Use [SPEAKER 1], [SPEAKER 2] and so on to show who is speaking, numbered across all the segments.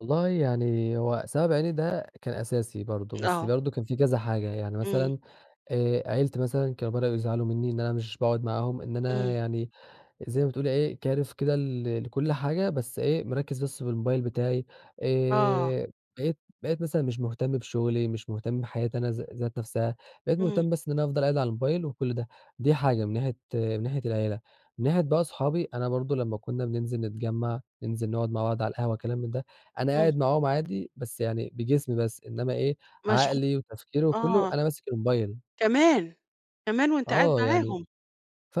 [SPEAKER 1] والله يعني هو سبب عيني ده كان أساسي برضو، بس
[SPEAKER 2] آه.
[SPEAKER 1] برضو كان في كذا حاجة يعني
[SPEAKER 2] إمم.
[SPEAKER 1] مثلًا آآ، عيلتي مثلًا كانوا بدؤوا يزعلوا منّي إن أنا مش باقعُد معاهم، إن أنا
[SPEAKER 2] إمم.
[SPEAKER 1] يعني زي ما بتقولي إيه كارف كده ل لكُلّ حاجة بس إيه مركّز بس بالموبايل بتاعي،
[SPEAKER 2] آه.
[SPEAKER 1] آآ، بقيت بقيت مثلًا مش مهتم بشغلي، مش مهتم بحياتي أنا ذا ذات نَفسها بقيت
[SPEAKER 2] إمم.
[SPEAKER 1] مهتم بس إن أنا افضل قاعد على الموبايل وكُلّ ده، دي حاجة من ناحية من ناحية العيلة، من ناحية بقى صحابي أنا برضو لمّا كنّا بننزل نتجمّع، ننزل نقعُد مع بعض على القهوة كلام من ده أنا
[SPEAKER 2] إمم.
[SPEAKER 1] قاعد معاهم عادي بس يعني بجسمي بس إنّما إيه،
[SPEAKER 2] مشغو
[SPEAKER 1] عقلي وتفكيري وكلّه
[SPEAKER 2] آه.
[SPEAKER 1] أنا ماسك الموبايل.
[SPEAKER 2] كمان! كمان وأنت قاعد
[SPEAKER 1] آه يعني
[SPEAKER 2] معاهم!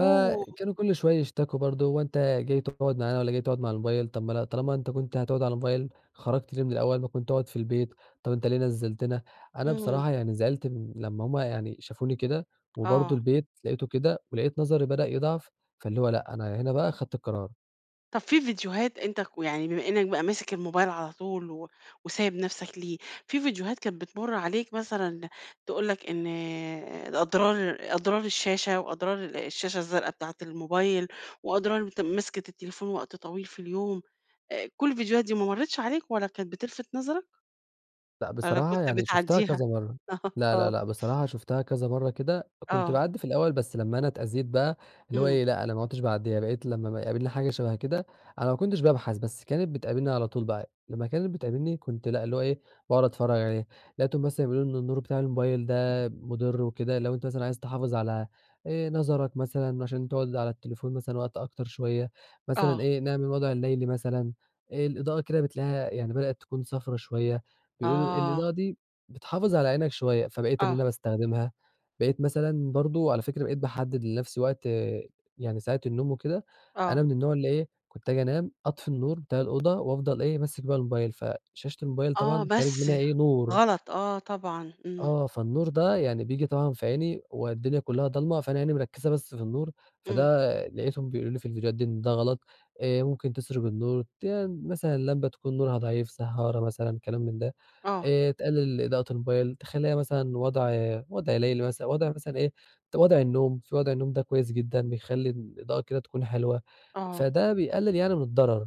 [SPEAKER 2] آه.
[SPEAKER 1] كُلّ شوية يشتكُوا برضو "هو أنت جاي تقعُد معانا والّا جاي تقعُد مع الموبايل، طب ما لأ طالما أنت كنت هتقعُد على موبايل خرجت ليه من الأول ما كنت اقعُد في البيت؟ طب أنت ليه نزّلتنا؟" أنا
[SPEAKER 2] إمم.
[SPEAKER 1] بصراحة يعني زعلت من لمّا هُم يعني شافوني كده وبرضو
[SPEAKER 2] آه.
[SPEAKER 1] البيت لقيته كده ولقيت نظري بدأ يضعف، فاللي هو لأ، أنا هنا بقى خدت القرار.
[SPEAKER 2] طب في فيديوهات أنت كو يعني بما إنّك بقى ماسك الموبايل على طول و وسايب نَفسك ليه، في فيديوهات كانت بتمُر عليك مثلًا تقول لك إن أضرار أضرار الشاشة، وأضرار الشاشة الزرقا بتاعة الموبايل وأضرار أنت مسكِة التليفون وقت طويل في اليوم، آآ، كُلّ الفيديوهات دي ما مرّتش عليك لا كانت بتلفت نظرك؟
[SPEAKER 1] لأ
[SPEAKER 2] والّا
[SPEAKER 1] بصراحة
[SPEAKER 2] كنت
[SPEAKER 1] يعني شُفتها
[SPEAKER 2] بتعدّيها؟
[SPEAKER 1] كذا مَرّة، لا، لا،
[SPEAKER 2] آه.
[SPEAKER 1] لأ، بصراحة شُفتها كذا مَرّة كده، كنت
[SPEAKER 2] آه.
[SPEAKER 1] باعدّي في الأول بس لمّا أنا اتأذيت بقى اللي هو
[SPEAKER 2] إمم.
[SPEAKER 1] إيه لأ أنا ما عدتش باعدّيها، بقيت لمّا أما يقابلني حاجة شَبه كده أنا ما كنتش بابحث، بس كانت بتقابلني على طول بقى لمّا كانت بتقابلني كنت لأ اللي هو إيه باقعُد اتفرّج عليه، لقيتهم مثلًا بيقولوا إن النور بتاع الموبايل ده مُضر وكده لو أنت مثلًا عايز تحافظ على آآ، نظرك مثلًا عشان تقعُد على التليفون مثلًا وقت أكتر شوية مثلًا
[SPEAKER 2] آه.
[SPEAKER 1] إيه نعمل الوضع الليلي مثلًا، آآ، الإضاءة كده بتلاقيها يعني بدأت تكون صفرا شوية، بيقولوا
[SPEAKER 2] آه.
[SPEAKER 1] الإضاءة دي بتحافظ على عينك شوية، فبقيت إن
[SPEAKER 2] آه.
[SPEAKER 1] أنا باستخدمها، بقيت مثلًا برضو على فكرة بقيت باحدد لنَفسي وقت يعني ساعة النوم وكده، أنا
[SPEAKER 2] آه.
[SPEAKER 1] من النوع اللي إيه كنت أجي أنام أطفي النور بتاع الأوضة، وافضل إيه ماسك بقى الموبايل، فشاشة الموبايل
[SPEAKER 2] آه،
[SPEAKER 1] طبعًا خارج
[SPEAKER 2] بس
[SPEAKER 1] منها إيه نور
[SPEAKER 2] غلط آه طبعًا، إمم.
[SPEAKER 1] آه، فالنور ده يعني بييجي طبعًا في عيني، والدنيا كلّها ضالمة فأنا عيني مركّزة بس في النور،
[SPEAKER 2] إمم.
[SPEAKER 1] فده لقيتهم بيقولوا لي في الفيديوهات دي إن ده غلط، آآ، ممكن تِسرج النور تي مثلًا لمبة تكون نورها ضعيف سهّارة مثلًا كلام من ده،
[SPEAKER 2] آه.
[SPEAKER 1] آآ، تقلل إضاءة الموبايل تخلّيها مثلًا وضع وضع ليلي مثلًا وضع مثلًا إيه ت وضع النوم، في وضع النوم ده كويس جدًا، بيخلّي الإضاءة كده تكون حلوة،
[SPEAKER 2] آه.
[SPEAKER 1] فده بيقلل يعني من الضرر.